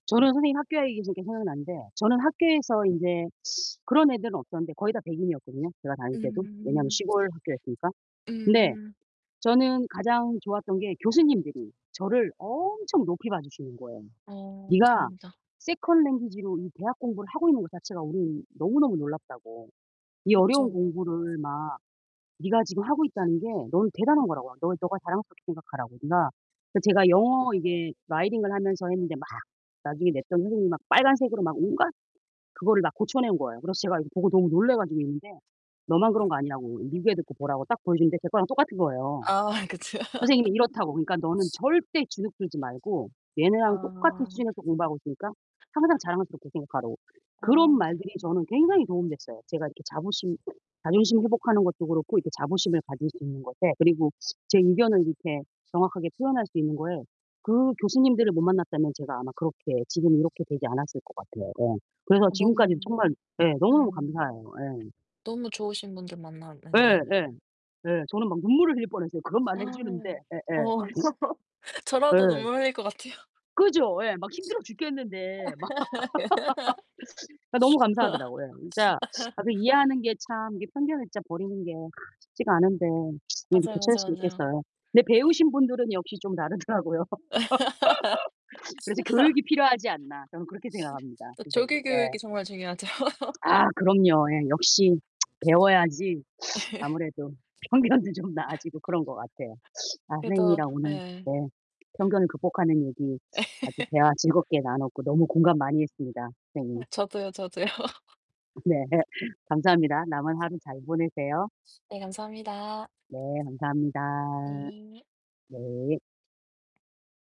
저는 선생님이 학교 얘기하시니까 생각나는데 저는 학교에서 인제 그런 애들은 없었는데 거의 다 백인이었거든요, 제가 다닐 때도. 왜냐면 음. 시골 학교였으니까. 근데 음. 저는 가장 좋았던 게 교수님들이 저를 엄청 높이 봐주시는 거예요. 어 네가 다행이다. 세컨 랭귀지로 이 대학 공부를 하고 있는 것 자체가 우리는 너무너무 놀랍다고. 이 어려운 그쵸. 공부를 막 네가 지금 하고 있다는 게 넌 대단한 거라고. 아 너 네가 자랑스럽게 생각하라고. 네가 제 제가 영어 이게 writing 을 하면서 했는데 막 나중에 냈던 선생님이 막 빨간색으로 막 온갖 그거를 막 고쳐 낸 거예요. 그래서 제가 이거 보고 너무 놀래 가지고 있는데 너만 그런 거 아니라고 이 미국 애들 거 보라고 딱 보여주는데 제 거랑 똑같은 거예요. 아 그쵸. 선생님이 이렇다고, 그러니까 너는 절대 주눅 들지 말고 얘네랑 똑같은 아. 수준에서 공부하고 있으니까 항상 자랑스럽게 생각하라고. 어 그런 네. 말들이 저는 굉장히 도움 됐어요. 제가 이렇게 자부심 자존심 회복하는 것도 그렇고 이렇게 자부심을 가질 수 있는 것에 그리고 제 의견을 이렇게 정확하게 표현할 수 있는 거에 그 교수님들을 못 만났다면 제가 아마 그렇게 지금 이렇게 되지 않았을 것 같아요. 네. 그래서 아 지금까지 너무 정말 예, 너무너무 음. 감사해요. 예. 너무 좋으신 분들 예. 만났는데요. 예. 예. 저는 막 눈물을 흘릴 뻔했어요. 그런 말을 해주는데. 예예. 어. 저라도 예. 눈물 흘릴 것 같아요. 그죠. 예. 막 힘들어 죽겠는데. 막 그 너무 감사하더라고요. 예. 진짜 아 그 이해하는 게 참 이게 편견을 진짜 버리는 게 쉽지가 않은데 이렇게 맞아요, 교체할 수 맞아요, 맞아요. 있겠어요. 근데 배우신 분들은 역시 좀 다르더라고요. 그래서 교육이 필요하지 않나. 저는 그렇게 생각합니다, 그 조기 선생님. 교육이 예. 정말 중요하죠. 아 그럼요. 예, 역시 배워야지 아무래도 편견도 좀 나아지고 그런 것 같아요. 아, 그래도 선생님이랑 오늘 예. 네. 편견을 극복하는 얘기 아주 대화 즐겁게 나눴고 너무 공감 많이 했습니다, 아 선생님. 저도요, 저도요. 네. 감사합니다. 남은 하루 잘 보내세요. 네, 감사합니다. 네. 감사합니다. 네. 네.